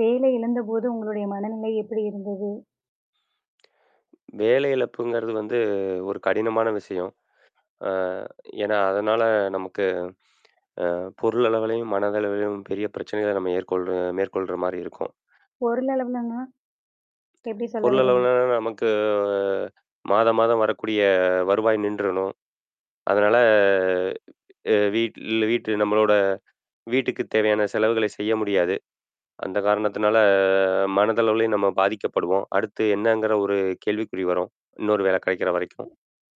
வேலை இழந்தபோது உங்களுடைய மனநிலை எப்படி இருந்தது? வேலை இழப்புங்குறது வந்து ஒரு கடினமான விஷயம். ஆ. ஏன்னா அதனால நமக்கு அ பொருள் அளவிலும், மனதளவிலும் பெரிய பிரச்சனைகளை மேற்கொள்ற மேற்கொள்ற மாதிரி இருக்கும். பொருளளவுலனா? எப்டி சொல்ல பொருள் வர்றீங்க? அளவில நமக்கு ஆ மாதம் மாதம் வரக்கூடிய வருவாய் நின்றடணும். அதனால. அ. வீட்டில வீட்டு நம்மளோட வீட்டுக்குத் தேவையான செலவுகள செய்ய முடியாது. அந்த காரணத்தினால மனதளவிலயும் நம்ம பாதிக்கப்படுவோம். அடுத்து என்னங்கிற ஒரு கேள்விக்குறி வரும் இன்னொரு வேல கெடைக்கிற வரைக்கும்.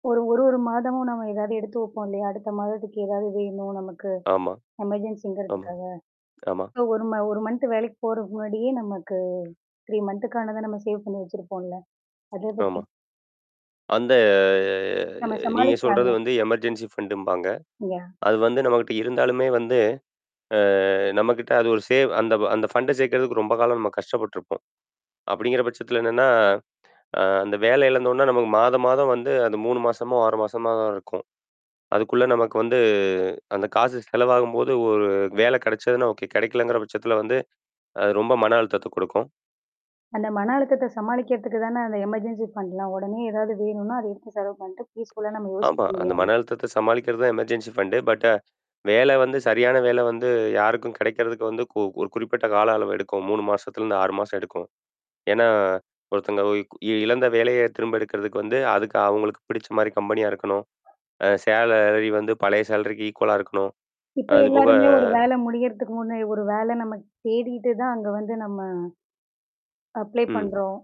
1 1 1 மாதமும் நம்ம ஏதாவது எடுத்து வைப்போம் இல்லையா? அடுத்த மாதத்துக்கு ஏதாவது வேணும் நமக்கு. ஆமா. ஆமா. எமர்ஜென்சிங்கிறதுக்காக. ஆமா. ஸோ 1 மாத 1 மன்த் வேலைக்கு போறதுக்கு முன்னாடியே நமக்கு த்ரீ மன்த் துக்கானத நம்ம சேவ் பண்ணி வச்சிருப்போம்ல? அத பத்தி. ஆமா. அந்த நம்ம நீங்க சொல்கிறது சமாளிக்கலால்ல. வந்து எமர்ஜென்சி ஃபண்டு ம்பாங்க. யா. அது வந்து நம்மகிட்ட இருந்தாலுமே வந்து. அ நம்மகிட்ட அது ஒரு சேவ் அந்த அந்த ஃபண்டை சேர்க்கிறதுக்கு ரொம்ப காலம் நம்ம கஷ்டப்பட்டுருப்போம். அப்படிங்கிற பட்சத்தில என்னன்னா. அந்த வேல இழந்தோன்னே நமக்கு மாதம் மாதம் வந்து அது 3 மாசமோ 6 மாசமா தான் இருக்கும் அதுக்குள்ளே நமக்கு வந்து அந்த காசு செலவாகும்போது 1 வேல கிடைச்சதுன்னா ஓகே, கெடைக்கலங்கிற பட்சத்தில வந்து அது ரொம்ப மன அழுத்தத்த குடுக்கும். அந்த மன அழுத்தத்த சமாளிக்கிறதுக்கு தானே அந்த எமர்ஜென்சி ஃபண்ட்லாம். உடனே ஏதாவது வேணுன்னா அத எடுத்து செலவு பண்ணிட்டு பீஸ்ஃபுல் லா நம்ம யோசிக்க ஆமா அந்த முடியும். மன அழுத்தத்த சமாளிக்கிறது தான் எமர்ஜென்சி ஃபண்டு பட் வேல வந்து சரியான வேல வந்து யாருக்கும் கெடைக்கிறதுக்கு வந்து ஒரு குறிப்பிட்ட கால அளவு எடுக்கும். 3 மாசத்துலேருந்து 6 மாதம் எடுக்கும். ஏன்னா ஒருத்தவங்க இழந்த வேலைய திரும்ப எடுக்கிறதுக்கு வந்து அதுக்கு அவங்களுக்கு பிடிச்ச மாதிரி கம்பெனி யா இருக்கணும். அ சேலரி வந்து பழைய சேலரிக்கு ஈக்குவலா இருக்கணும். இப்போ அதுபோக. எல்லாருமே 1 வேலை முடியிறதுக்கு முன்ன 1 வேலை நம்ம தேடிட்டு தான் அங்கே வந்து நம்ம. அப்ளை ம். பண்றோம்.